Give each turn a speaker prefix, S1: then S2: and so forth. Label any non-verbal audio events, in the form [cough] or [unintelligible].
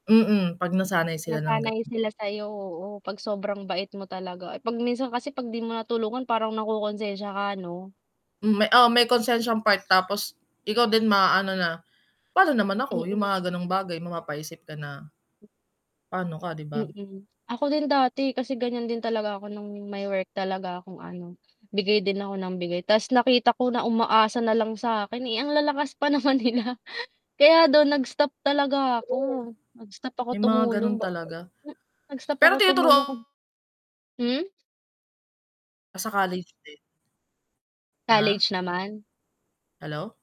S1: Mm, 'pag nasanay sila ng
S2: Nasanay
S1: gano'n.
S2: sila sa'yo, oo, 'pag sobrang bait mo talaga, eh. 'Pag minsan kasi 'pag 'di mo natulungan parang nakokonsensiya ka 'no?
S1: Hmm, may oh, may konsensiyang part tapos ikaw din maaano na, "Pa'no naman ako?" Yung
S2: Mm.
S1: mga gano'ng bagay. Mapapaisip ka na pa'no ka, 'di ba?
S2: Mm. Ako din dati kasi ganyan din talaga ako no'ng may work talaga akong ano, bigay din ako ng bigay ta's nakita ko na umaasa na lang sa'kin, eh, ang lalakas pa naman nila. Kaya do'n nag-stop talaga ako.
S1: True.
S2: Nag-stop ako
S1: May mga gano'n
S2: tumulong ba
S1: talaga.
S2: [unintelligible] nag-stop ako
S1: Pero tinuturu
S2: tumulong, hmm?
S1: Nasa college din. Ah?
S2: College naman.
S1: Hello?